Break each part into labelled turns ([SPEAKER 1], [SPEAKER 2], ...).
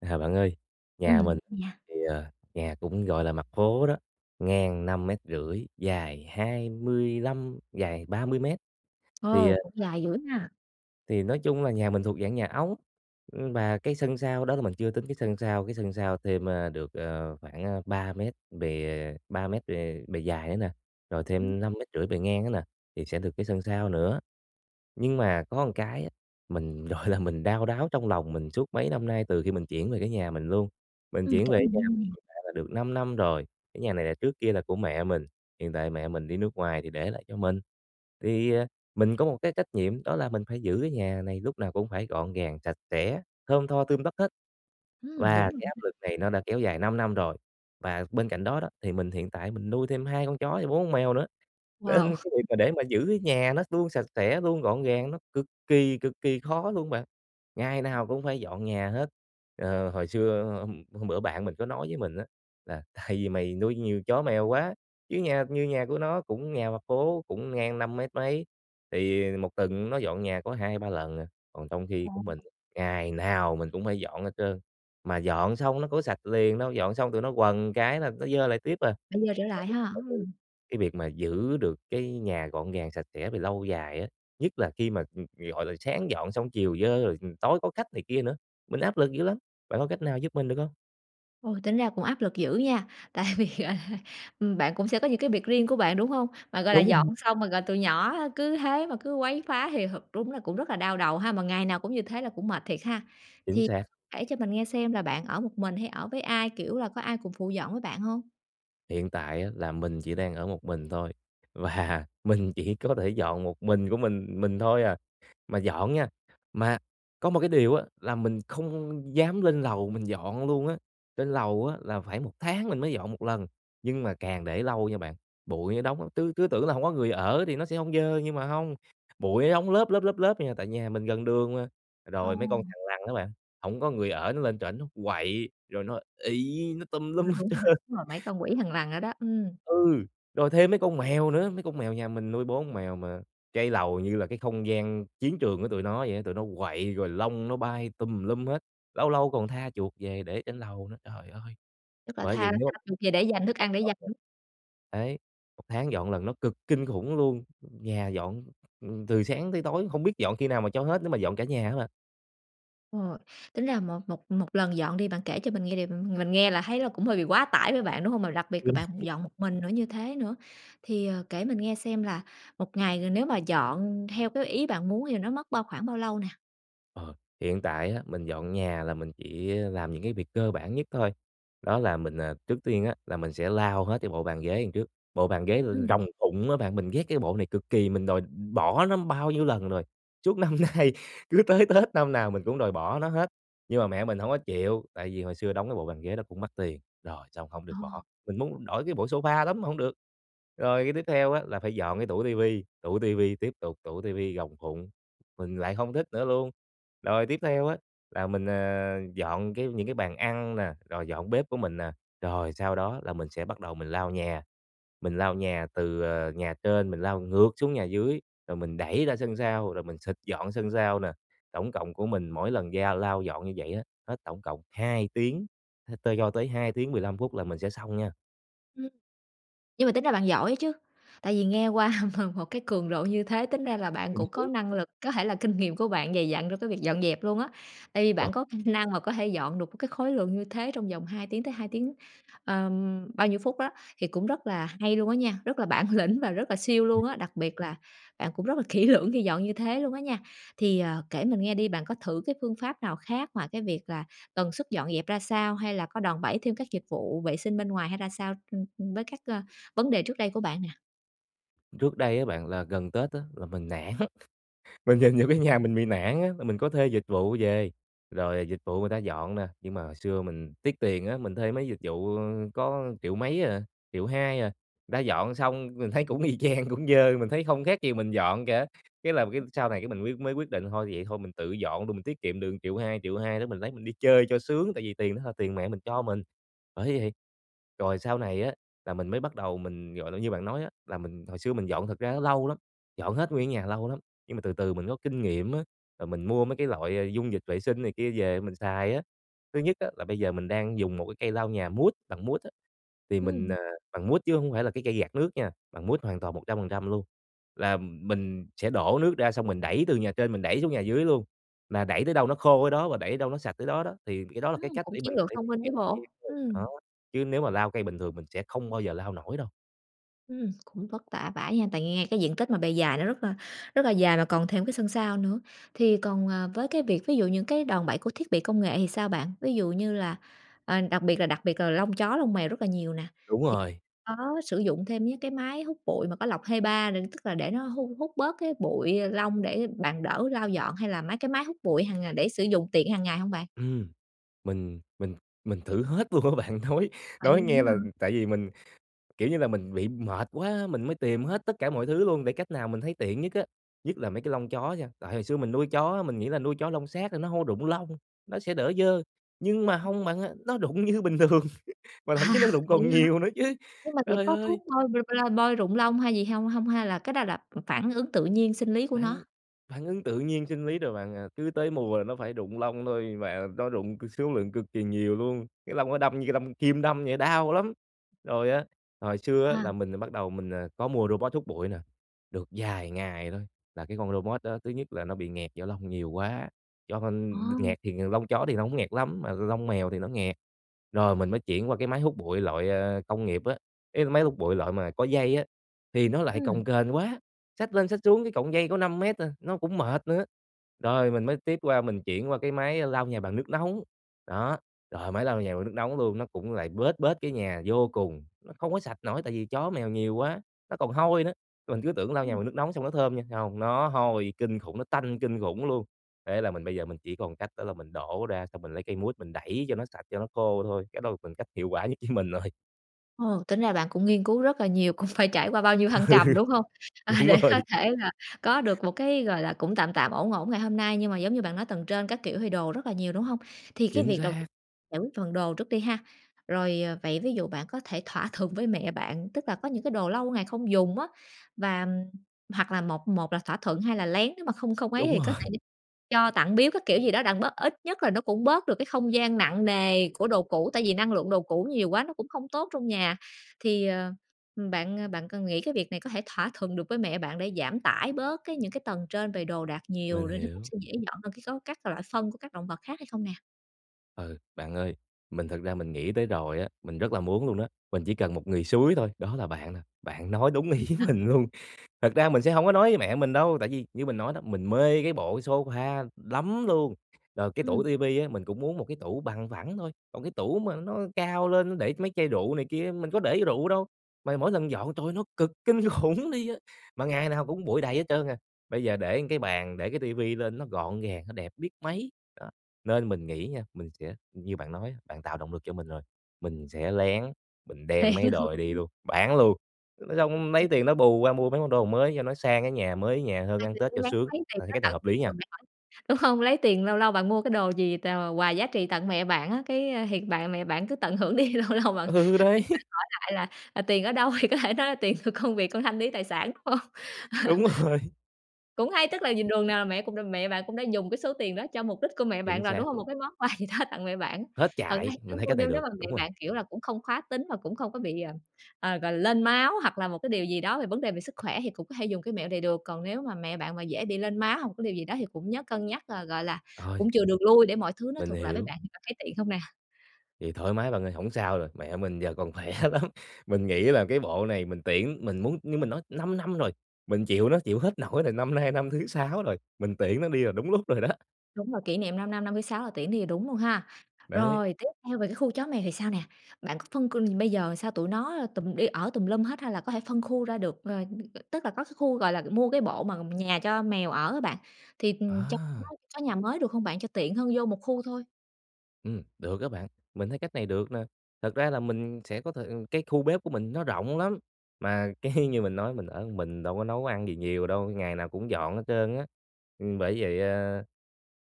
[SPEAKER 1] À, bạn ơi, nhà
[SPEAKER 2] Ừm,
[SPEAKER 1] mình
[SPEAKER 2] nha.
[SPEAKER 1] thì, ờ, nhà cũng, gọi là, mặt phố đó, ngang 5,5 mét dài 25, dài 30 mét, thì,
[SPEAKER 2] Ồ,
[SPEAKER 1] ờ
[SPEAKER 2] cũng dài dữ ha.
[SPEAKER 1] thì nói chung là nhà mình thuộc dạng nhà ống, ưm, và cái sân sau đó là mình chưa tính cái sân sau, cái sân sau thêm, a, được, à, khoảng, a, 3 mét bề 3 mét bề bề dài nữa nè, rồi thêm 5,5 mét bề ngang nữa nè, thì sẽ được cái sân sau nữa. Nhưng mà có một cái á, mình, gọi là, mình đau đáu trong lòng mình suốt mấy năm nay từ khi mình chuyển về cái nhà mình luôn, mình
[SPEAKER 2] Ừm,
[SPEAKER 1] chuyển
[SPEAKER 2] kể
[SPEAKER 1] về cái
[SPEAKER 2] mình
[SPEAKER 1] nhà
[SPEAKER 2] nghe
[SPEAKER 1] mình
[SPEAKER 2] nè.
[SPEAKER 1] hiện tại là được 5 năm rồi, cái nhà này là trước kia là của mẹ mình, hiện tại mẹ mình đi nước ngoài thì để lại cho mình, thì, à, mình có một cái trách nhiệm, đó là mình phải giữ cái nhà này lúc nào cũng phải gọn gàng, sạch sẽ, thơm tho, tươm tất hết,
[SPEAKER 2] Ừm, đúng
[SPEAKER 1] và
[SPEAKER 2] rồi
[SPEAKER 1] cái áp lực này
[SPEAKER 2] [unintelligible]
[SPEAKER 1] nó đã kéo dài 5 năm rồi. Và bên cạnh đó đó, thì mình hiện tại mình nuôi thêm 2 con chó và 4 con mèo nữa,
[SPEAKER 2] Wow!
[SPEAKER 1] nên cái việc mà để mà giữ cái nhà nó luôn sạch sẽ, luôn gọn gàng nó cực kỳ, cực kỳ khó luôn bạn, ngày nào cũng phải dọn nhà hết. Ờ, hồi xưa hôm hôm bữa bạn mình có nói với mình á, là "Tại vì mày nuôi nhiều chó mèo quá", chứ nhà như nhà của nó cũng nhà mặt phố, cũng ngang năm mét mấy, thì 1 tuần nó dọn nhà có 2-3 lần à. Còn trong khi của mình
[SPEAKER 2] Ồ!
[SPEAKER 1] ngày nào mình cũng phải dọn hết trơn, mà dọn xong nó có sạch liền đâu, dọn xong tụi nó quần cái là nó dơ lại tiếp à.
[SPEAKER 2] Phải dơ trở
[SPEAKER 1] Bạn
[SPEAKER 2] lại
[SPEAKER 1] biết
[SPEAKER 2] ha,
[SPEAKER 1] tại vì
[SPEAKER 2] ừm.
[SPEAKER 1] cái việc mà giữ được cái nhà gọn gàng, sạch sẽ về lâu dài á, nhất là khi mà, g gọi là, sáng dọn xong, chiều dơ rồi, ừm, tối có khách này kia nữa, mình áp lực dữ lắm, bạn có cách nào giúp mình được hông?
[SPEAKER 2] Ôi, tính ra cũng áp lực dữ nha! Tại vì, gọi là, ừm, bạn cũng sẽ có những cái việc riêng của bạn, đúng hông? Mà, gọi là, dọn
[SPEAKER 1] Đúng.
[SPEAKER 2] xong, ờ, rồi tụi nhỏ cứ thế mà cứ quấy phá thì thật đúng là cũng rất là đau đầu ha, mà ngày nào cũng như thế là cũng mệt thiệt ha.
[SPEAKER 1] Chính
[SPEAKER 2] Thì
[SPEAKER 1] xác.
[SPEAKER 2] kể cho mình nghe xem là bạn ở một mình hay ở với ai, kiểu, là có ai cùng phụ dọn với bạn hông?
[SPEAKER 1] Hiện tại á, là mình chỉ đang ở một mình thôi, và mình chỉ có thể dọn một mình của mình mình thôi à. Mà dọn nha, mà có một cái điều á là mình không dám lên lầu mình dọn luôn á, trên lầu á là phải 1 tháng mình mới dọn 1 lần. Nhưng mà càng để lâu nha bạn, bụi nó đóng, tứ cứ tưởng là hông có người ở thì nó sẽ hông dơ nhưng mà hông, bụi nó đóng lớp, lớp, lớp, lớp vậy nè, tại nhà mình gần đường mà. Rồi mấy con
[SPEAKER 2] Ồ.
[SPEAKER 1] thằn lằn á bạn, hổng có người ở nó lên trển nó quậy rồi nó ị, nó tùm
[SPEAKER 2] Ờ,
[SPEAKER 1] lum hết
[SPEAKER 2] đúng rồi,
[SPEAKER 1] trơn.
[SPEAKER 2] đúng rồi, mấy con quỷ thằn lằn đó đó, ừm.
[SPEAKER 1] Ừ! Rồi thêm mấy con mèo nữa, mấy con mèo nhà mình nuôi 4 con mèo mà cái lầu như là cái không gian chiến trường của tụi nó vậy á, tụi nó quậy rồi lông nó bay tùm lum hết, lâu lâu còn tha chuột về để trên lầu nữa. Trời ơi!
[SPEAKER 2] Tức là
[SPEAKER 1] Bởi vậy
[SPEAKER 2] tha
[SPEAKER 1] nếu
[SPEAKER 2] [unintelligible] về để
[SPEAKER 1] 1
[SPEAKER 2] dành thức
[SPEAKER 1] tháng
[SPEAKER 2] ăn để
[SPEAKER 1] dọn
[SPEAKER 2] dành.
[SPEAKER 1] lần đấy, 1 tháng dọn lần nó cực kinh khủng luôn, nhà dọn, ừm, từ sáng tới tối không biết dọn khi nào mà cho hết nếu mà dọn cả nhà á bạn.
[SPEAKER 2] Ờ, tính ra một một một lần dọn đi, bạn kể cho mình nghe đ mình nghe là thấy là cũng hơi bị quá tải với bạn, đúng hông? Mà đặc biệt là bạn dọn một mình nữa, như thế nữa. Thì, ờ, kể mình nghe xem là một ngày g nếu mà dọn theo cái ý bạn muốn thì là nó mất bao khoảng bao lâu nè?
[SPEAKER 1] Ờ, hiện tại á, mình dọn nhà là mình chỉ, ơ, làm những cái việc cơ bản nhất thôi, đó là mình, à, trước tiên á, là mình sẽ lau hết cái bộ bàn ghế đằng trước, bộ bàn ghế r
[SPEAKER 2] Ừm.
[SPEAKER 1] rồng phụng á bạn. Mình ghét cái bộ này cực kỳ, mình đòi bỏ nó bao nhiêu lần rồi, suốt năm nay, cứ tới Tết năm nào mình cũng đòi bỏ nó hết, nhưng mà mẹ mình hổng có chịu, tại vì hồi xưa đóng cái bộ bàn ghế đó cũng mắc tiền, rồi xong hổng được bỏ,
[SPEAKER 2] Ồ.
[SPEAKER 1] mình muốn đổi cái bộ sofa lắm mà hông được. Rồi cái tiếp theo á, là phải dọn cái tủ TV, tủ TV tiếp tục, tủ TV rồng phụng, mình lại hông thích nữa luôn. Rồi tiếp theo á, là mình, à, dọn cái những cái bàn ăn nè, rồi dọn bếp của mình nè, rồi sau đó là mình sẽ bắt đầu mình lau nhà, mình lau nhà từ, à, nhà trên mình lau ngược xuống nhà dưới, rồi mình đẩy ra sân sau, rồi mình xịt dọn sân sau nè. Tổng cộng của mình mỗi lần da lau dọn như vậy á, hết tổng cộng 2 tiếng, h tơ cho tới 2 tiếng 15 phút là mình sẽ xong nha.
[SPEAKER 2] Nhưng mà tính ra bạn giỏi ấy chứ, tại vì nghe qua m một cái cường độ như thế, tính ra là bạn
[SPEAKER 1] Ừm
[SPEAKER 2] cũng có
[SPEAKER 1] hứm.
[SPEAKER 2] năng lực, có thể là kinh nghiệm của bạn dày dặn trong cái việc dọn dẹp luôn á. Tại vì
[SPEAKER 1] Đó.
[SPEAKER 2] bạn có kh năng mà có thể dọn được một cái khối lượng như thế trong vòng 2 tiếng tới 2 tiếng, ờm, bao nhiêu phút đó, thì cũng rất là hay luôn á nha, rất là bản lĩnh và rất là siêu luôn á, đặc biệt là bạn cũng rất là kỹ lưỡng khi dọn như thế luôn á nha. Thì, ờ, kể mình nghe đi, bạn có thử cái phương pháp nào khác ngoài cái việc là tần suất dọn dẹp ra sao, hay là có đòn bẩy thêm các dịch vụ vệ sinh bên ngoài, hay ra sao, ừm, ừm, với các, a, vấn đề trước đây của bạn nè?
[SPEAKER 1] Trước đây á bạn, là gần Tết á là mình nản, mình nhìn vô cái nhà mình bị nản á, mà mình có thuê dịch vụ về, rồi dịch vụ người ta dọn nè, nhưng mà hồi xưa mình tiếc tiền á, mình thuê mấy dịch vụ, ơ, có triệu mấy à, 1.200.000 à, người ta dọn xong mình thấy cũng y chang, cũng dơ, mình thấy không khác gì mình dọn cả. Cái là cái sau này cái mình quyết mới quyết định, thôi, vậy thôi mình tự dọn luôn, mình tiết kiệm được 1.200.000, 1.200.000 đó mình lấy mình đi chơi cho sướng, tại vì tiền đó là tiền mẹ mình cho mình, bởi vậy. Rồi sau này á, là mình mới bắt đầu mình, gọi là, như bạn nói á, là mình hồi xưa mình dọn thật ra nó lâu lắm, dọn hết nguyên cái nhà lâu lắm, nhưng mà từ từ mình có kinh nghiệm á, rồi mình mua mấy cái loại dung dịch vệ sinh này kia về mình xài á. Thứ nhất á, là bây giờ mình đang dùng một cái cây lau nhà mút, bằng mút á, thì mình,
[SPEAKER 2] Ừm.
[SPEAKER 1] à, bằng mút chứ hông phải là cái cây gạt nước nha, bằng mút hoàn toàn 100% luôn. Là, ừm, mình sẽ đổ nước ra xong mình đẩy từ nhà trên mình đẩy xuống nhà dưới luôn, là đẩy tới đâu nó khô ở đó và đẩy đâu nó sạch tới đó đó. Thì cái đó là cái
[SPEAKER 2] Ừm,
[SPEAKER 1] cách
[SPEAKER 2] cũng
[SPEAKER 1] để
[SPEAKER 2] chiến
[SPEAKER 1] mình có
[SPEAKER 2] lược
[SPEAKER 1] thể
[SPEAKER 2] thông minh chứ
[SPEAKER 1] tiết
[SPEAKER 2] bộ,
[SPEAKER 1] kiệm [unintelligible]
[SPEAKER 2] ừm.
[SPEAKER 1] đó, chứ nếu mà lau cây bình thường mình sẽ không bao giờ lau nổi đâu.
[SPEAKER 2] Ừm, cũng vất vả vãi ha! Tại nghe cái diện tích mà bề dài nó rất là rất là dài mà còn thêm cái sân sau nữa. Thì còn, ờ, với cái việc ví dụ những cái đòn bẩy của thiết bị công nghệ thì sao bạn? Ví dụ như là ờ, đặc biệt là đặc biệt là lông chó, lông mèo rất là nhiều nè,
[SPEAKER 1] Đúng
[SPEAKER 2] thì
[SPEAKER 1] rồi.
[SPEAKER 2] có sử dụng thêm những cái máy hút bụi mà có lọc HEPA nè, tức là để nó hú hút bớt cái bụi, lông để bạn đỡ lau dọn, hay là mấy cái máy hút bụi hằng ngày để sử dụng tiện hàng ngày hông bạn?
[SPEAKER 1] Ừm, mình mình mình thử hết luôn á bạn, nói
[SPEAKER 2] Vậy
[SPEAKER 1] nói nghe
[SPEAKER 2] luôn á
[SPEAKER 1] là
[SPEAKER 2] hả?
[SPEAKER 1] tại vì mình, kiểu như là, mình bị mệt quá, mình mới tìm hết tất cả mọi thứ luôn để cách nào mình thấy tiện nhất á. Nhất là mấy cái lông chó nha, tại hồi xưa mình nuôi chó á, mình nghĩ là nuôi chó lông sát nên nó hông rụng lông, nó sẽ đỡ dơ, nhưng mà hông bạn ơi, nó rụng như bình thường mà thậm chí nó rụng còn
[SPEAKER 2] Vậy hả?
[SPEAKER 1] nhiều nữa chứ.
[SPEAKER 2] Nhưng mà thiệt
[SPEAKER 1] Trời
[SPEAKER 2] có thuốc
[SPEAKER 1] ơi!
[SPEAKER 2] bôi [unintelligible] bôi rụng lông hay gì hông hông? Hay là cái đó là, ừm, phản ứng tự nhiên, sinh lý của
[SPEAKER 1] Phản
[SPEAKER 2] nó?
[SPEAKER 1] phản ứng tự nhiên, sinh lý rồi bạn à, cứ tới mùa là nó phải rụng lông thôi, và nó rụng cực số lượng cực kỳ nhiều luôn. Cái lông nó đâm như đâm kim đâm vậy, đau lắm. Rồi á, hồi xưa á, là
[SPEAKER 2] Wow!
[SPEAKER 1] mình bắt đầu mình có mua robot hút bụi nè, được vài ngày thôi, là cái con robot đó thứ nhất là nó bị nghẹt do lông nhiều quá, do con
[SPEAKER 2] Ồ!
[SPEAKER 1] nghẹt thì lông chó thì hổng nghẹt lắm mà lông mèo thì nó nghẹt. Rồi mình mới chuyển qua cái máy hút bụi loại công nghiệp á, ý là máy hút bụi loại mà có dây á, thì nó lại cồng
[SPEAKER 2] Ừm.
[SPEAKER 1] kềnh quá, xách lên xách xuống cái cọng dây có 5 mét à, nó cũng mệt nữa. Rồi mình mới tiếp qua mình chuyển qua cái máy lau nhà bằng nước nóng, đó, rồi máy lau nhà bằng nước nóng luôn, nó cũng lại bết bết cái nhà vô cùng, nó không có sạch nổi tại vì chó mèo nhiều quá, nó còn hôi nữa. Mình cứ tưởng lau nhà
[SPEAKER 2] Ừm.
[SPEAKER 1] bằng nước nóng xong nó thơm nha, hông, nó hôi kinh khủng, nó tanh kinh khủng luôn. Thế là mình bây giờ mình chỉ còn cách đó là mình đổ ra xong mình lấy cây mút mình đẩy cho nó sạch, cho nó khô thôi. Cái đó là phần cách hiệu quả nhất với mình rồi.
[SPEAKER 2] Ồ, tính ra bạn cũng nghiên cứu rất là nhiều, cũng phải trải qua bao nhiêu thăng
[SPEAKER 1] Ừ.
[SPEAKER 2] trầm, đúng hông? À,
[SPEAKER 1] Đúng
[SPEAKER 2] để có
[SPEAKER 1] rồi.
[SPEAKER 2] thể là có được một cái, gọi là, cũng tạm tạm, ổn ổn ngày hôm nay. Nhưng mà giống như bạn nói tầng trên các kiểu thì đồ rất là nhiều, đúng hông? Thì cái
[SPEAKER 1] Chính
[SPEAKER 2] việc đầu ti
[SPEAKER 1] xác!
[SPEAKER 2] giải quyết phần đồ trước đi ha. Rồi, ờ, vậy ví dụ bạn có thể thỏa thuận với mẹ bạn, tức là có những cái đồ lâu ngày không dùng á, và hoặc là một một là thỏa thuận, hai là lén, nếu mà không không ấy
[SPEAKER 1] Đúng
[SPEAKER 2] thì có thể
[SPEAKER 1] rồi.
[SPEAKER 2] đi cho, tặng, biếu các kiểu gì đó đặng bớt, ít nhất là nó cũng bớt được cái không gian nặng nề của đồ cũ, tại vì năng lượng đồ cũ nhiều quá nó cũng không tốt trong nhà. Thì, ờ, bạn bạn cần nghĩ cái việc này có thể thỏa thuận được với mẹ bạn để giảm tải bớt cái những cái tầng trên về đồ đạc nhiều,
[SPEAKER 1] Mình
[SPEAKER 2] rồi nó cũng
[SPEAKER 1] hiểu.
[SPEAKER 2] sẽ dễ dọn hơn cái góc các loại phân của các động vật khác hay không nè?
[SPEAKER 1] Ừ. Bạn ơi, mình thực ra mình nghĩ tới rồi á, mình rất là muốn luôn đó, mình chỉ cần một người xúi thôi, đó là bạn nè, bạn nói đúng ý
[SPEAKER 2] [unintelligible]
[SPEAKER 1] mình luôn. Thực ra mình sẽ hông có nói với mẹ mình đâu, tại vì như mình nói đó, mình mê cái bộ cái sofa lắm luôn, rồi cái tủ
[SPEAKER 2] Ừm.
[SPEAKER 1] ti vi á mình cũng muốn một cái tủ bằng phẳng thôi, còn cái tủ mà nó cao lên, nó để mấy chai rượu này kia á, mình có để rượu đâu, mà mỗi lần dọn trời ơi, nó cực kinh khủng đi á, mà ngày nào cũng bụi đầy hết trơn à. Bây giờ để một cái bàn, để cái ti vi lên, nó gọn gàng, nó đẹp biết mấy. Đó, nên mình nghĩ nha mình sẽ như bạn nói á, bạn tạo động lực cho mình rồi, mình sẽ lén mình
[SPEAKER 2] Lén
[SPEAKER 1] đem mấy cái đồ này
[SPEAKER 2] hả?
[SPEAKER 1] đi luôn, bán luôn, thế xong lấy tiền đó bù qua mua mấy món đồ mới cho nó sang cái nhà, mới cái nhà hơn,
[SPEAKER 2] Ai
[SPEAKER 1] ăn
[SPEAKER 2] dè
[SPEAKER 1] Tết
[SPEAKER 2] lén
[SPEAKER 1] cho
[SPEAKER 2] lén
[SPEAKER 1] sướng.
[SPEAKER 2] lấy tiền
[SPEAKER 1] Ờ, thì
[SPEAKER 2] đó
[SPEAKER 1] cách này
[SPEAKER 2] tự
[SPEAKER 1] hợp lý
[SPEAKER 2] chạy
[SPEAKER 1] nha.
[SPEAKER 2] đường nào ấy, đúng hông? Lấy tiền, lâu lâu bạn mua cái đồ gì tèo là quà giá trị tặng mẹ bạn á, cái thiệt bạn mẹ bạn cứ tận hưởng đi, lâu lâu bạn mẹ bạn
[SPEAKER 1] Ừ, đấy.
[SPEAKER 2] hỏi lại là, ờ, "Tiền ở đâu?" Thì có thể nói là "Tiền của công việc con thanh lý tài sản," đúng hông? Ờ.
[SPEAKER 1] Đúng rồi.
[SPEAKER 2] Cũng hay. Tức là nhìn đường nào là mẹ cũng đ mẹ bạn cũng đã dùng cái số tiền đó cho mục đích của mẹ
[SPEAKER 1] Chính
[SPEAKER 2] bạn rồi, đúng
[SPEAKER 1] xác
[SPEAKER 2] hông? Một
[SPEAKER 1] luôn.
[SPEAKER 2] cái món quà gì đó tặng mẹ bạn.
[SPEAKER 1] Hết
[SPEAKER 2] Thực ra
[SPEAKER 1] chạy!
[SPEAKER 2] thì cứ
[SPEAKER 1] Mình thấy
[SPEAKER 2] mua,
[SPEAKER 1] cách này
[SPEAKER 2] nếu nếu
[SPEAKER 1] được.
[SPEAKER 2] mà mẹ
[SPEAKER 1] Đúng rồi.
[SPEAKER 2] bạn, kiểu là, cũng không khá tính và cũng không có bị, ờ, ờ, gọi là, lên máu hoặc là một cái điều gì đó về vấn đề về sức khỏe thì cũng có thể dùng cái mẹo này được. Còn nếu mà mẹ bạn mà dễ bị lên máu hoặc một cái điều gì đó thì cũng nhớ cân nhắc, ờ, gọi là,
[SPEAKER 1] Ôi!
[SPEAKER 2] cũng chừa đường lui để mọi thứ nó
[SPEAKER 1] Mình
[SPEAKER 2] thuận lợi với
[SPEAKER 1] hiểu.
[SPEAKER 2] bạn, bạn có thấy tiện hông nè?
[SPEAKER 1] Thì thoải mái bạn ơi, hổng sao rồi, mẹ mình giờ còn khỏe lắm. Mình nghĩ là cái bộ này mình tiễn mình muốn như mình nói 5 năm rồi mình chịu nó, chịu hết nổi rồi, năm nay năm thứ 6 rồi, mình tiễn nó đi là đúng lúc rồi đó.
[SPEAKER 2] Đúng rồi, kỷ niệm 5 năm, 56 là tiễn đi là đúng luôn ha.
[SPEAKER 1] Đấy.
[SPEAKER 2] Rồi, tiếp theo về cái khu chó mèo thì sao nè? Bạn có phân côn ừm, bây giờ sao tụi nó tùm đi ở tùm lum hết hay là có thể phân khu ra được? Ờ, tức là có cái khu, gọi là, mua cái bộ mà nhà cho mèo ở á bạn, thì, ừm, cho tụi nó
[SPEAKER 1] À.
[SPEAKER 2] có nhà mới được không bạn? Cho tiện hơn vô một khu thôi.
[SPEAKER 1] Ừm, được á bạn, mình thấy cách này được nè, thật ra là mình sẽ có thời ừ, cái khu bếp của mình nó rộng lắm, mà cái như mình nói mình ở một mình đâu có nấu ăn gì nhiều đâu, ngày nào cũng dọn hết trơn á. Ừm, bởi vậy, à,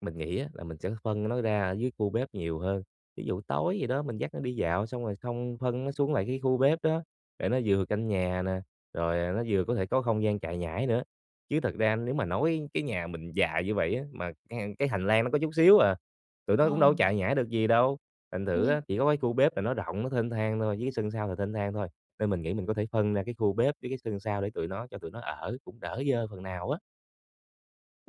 [SPEAKER 1] mình nghĩ á, là mình sẽ phân nó ra ở dưới khu bếp nhiều hơn, ví dụ tối gì đó mình dắt nó đi dạo xong rồi xong phân nó xuống lại cái khu bếp đó, để nó vừa canh nhà nè, rồi, à, nó vừa có thể có không gian chạy nhảy nữa. Chứ thật ra nếu mà nói cái nhà mình dài như vậy á, mà chẳng hạn cái hành lang nó có chút xíu à, tụi
[SPEAKER 2] Ờ.
[SPEAKER 1] nó cũng đâu có chạy nhảy được gì đâu, thành thử á,
[SPEAKER 2] Ôi.
[SPEAKER 1] chỉ có cái khu bếp là nó rộng, nó thênh thang thôi, với cái sân sau là thênh thang thôi, nên mình nghĩ mình có thể phân ra cái khu bếp với cái sân sau để tụi nó cho tụi nó ở cũng đỡ dơ phần nào á.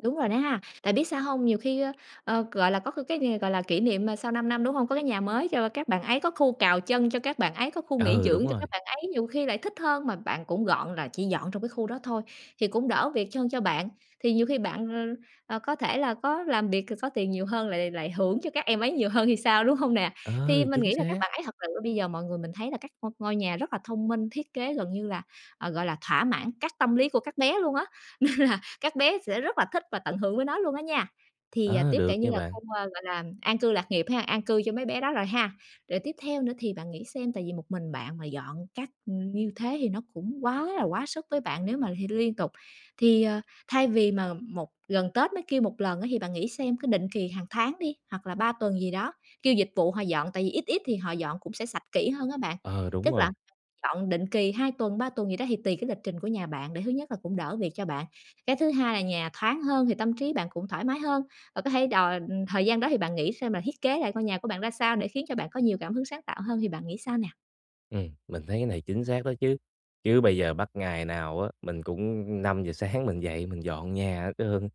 [SPEAKER 2] Đúng rồi đó ha. Tại biết sao hông? Nhiều khi, ơ, ờ, gọi là, có c cái nghề, gọi là, kỷ niệm, ờ, sau 5 năm, đúng hông? Có cái nhà mới cho các bạn ấy, có khu cào chân cho các bạn ấy, có khu nghỉ
[SPEAKER 1] Ừ, đúng
[SPEAKER 2] dưỡng cho các
[SPEAKER 1] rồi.
[SPEAKER 2] bạn ấy, nhiều khi lại thích hơn, mà bạn cũng gọn là chỉ dọn trong cái khu đó thôi, thì cũng đỡ việc chân cho bạn. Thì nhiều khi bạn, ờ, ờ, có thể là có làm việc c có tiền nhiều hơn, lại lại hưởng cho các em ấy nhiều hơn thì sao, đúng hông nè? Thì
[SPEAKER 1] Ờ,
[SPEAKER 2] mình
[SPEAKER 1] chính
[SPEAKER 2] nghĩ là các
[SPEAKER 1] xác.
[SPEAKER 2] bạn ấy thật sự ơ, bây giờ mọi người mình thấy là các ngôi ngôi nhà rất là thông minh, thiết kế gần như là, ờ, gọi là, thỏa mãn các tâm lý của các bé luôn á, nên là các bé sẽ rất là thích và tận hưởng với nó luôn á nha, thì, ờ,
[SPEAKER 1] Ờ,
[SPEAKER 2] tiếp, kể
[SPEAKER 1] được
[SPEAKER 2] như
[SPEAKER 1] nha
[SPEAKER 2] là
[SPEAKER 1] bạn.
[SPEAKER 2] không ơ, gọi là, an cư lạc nghiệp ha, an cư cho mấy bé đó rồi ha. Rồi tiếp theo nữa thì bạn nghĩ xem, tại vì một mình bạn mà dọn các ừm, như thế thì nó cũng quá là quá sức với bạn nếu mà thì liên tục. Thì, ờ, thay vì mà một gần Tết mới kêu một lần á, thì bạn nghĩ xem cái định kỳ hàng tháng đi, hoặc là 3 tuần gì đó, kêu dịch vụ họ dọn, tại vì ít ít thì họ dọn cũng sẽ sạch kỹ hơn á bạn,
[SPEAKER 1] Ờ, đúng
[SPEAKER 2] tức là
[SPEAKER 1] rồi.
[SPEAKER 2] [unintelligible] dọn định kì 2 tuần, 3 tuần gì đó thì tùy cái lịch trình của nhà bạn, để thứ nhất là cũng đỡ việc cho bạn. Cái thứ hai là nhà thoáng hơn thì tâm trí bạn cũng thoải mái hơn, và có thể đòi ừ, thời gian đó thì bạn nghĩ xem là thiết kế lại ngôi nhà của bạn ra sao để khiến cho bạn có nhiều cảm hứng sáng tạo hơn thì bạn nghĩ sao nè?
[SPEAKER 1] Ừm, mình thấy cái này chính xác đó chứ. Chứ bây giờ bắt ngày nào á, mình cũng 5:00 sáng mình dậy mình dọn nhà hết trơn,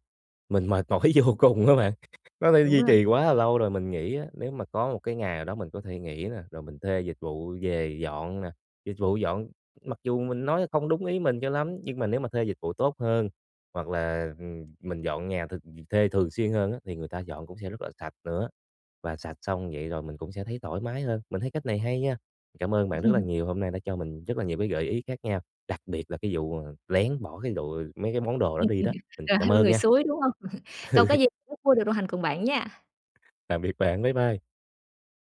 [SPEAKER 1] mình mệt mỏi vô cùng á bạn, nó đã
[SPEAKER 2] Đúng
[SPEAKER 1] duy
[SPEAKER 2] rồi.
[SPEAKER 1] trì quá là lâu rồi. Mình nghĩ á, nếu mà có một cái ngày nào đó mình có thể nghỉ nè, rồi mình thuê dịch vụ về dọn nè, dịch vụ dọn mặc dù mình nói không đúng ý mình cho lắm nhưng mà nếu mà thuê dịch vụ tốt hơn hoặc là, ừm, mình dọn nhà th th thuê thường xuyên hơn á, thì người ta dọn cũng sẽ rất là sạch nữa, và sạch xong vậy rồi mình cũng sẽ thấy thoải mái hơn, mình thấy cách này hay nha. Cảm ơn bạn rất là nhiều, hôm nay đã cho mình rất là nhiều cái gợi ý khác nhau, đặc biệt là cái vụ, ờ, lén bỏ cái đồ ờ, mấy cái món đồ đó đi đó, ừ,
[SPEAKER 2] rồi
[SPEAKER 1] cảm
[SPEAKER 2] thêm
[SPEAKER 1] ơn
[SPEAKER 2] người
[SPEAKER 1] nha.
[SPEAKER 2] xúi, đúng hông? Không có gì, rất vui được đồng hành cùng bạn nha.
[SPEAKER 1] Tạm biệt bạn, bye bye.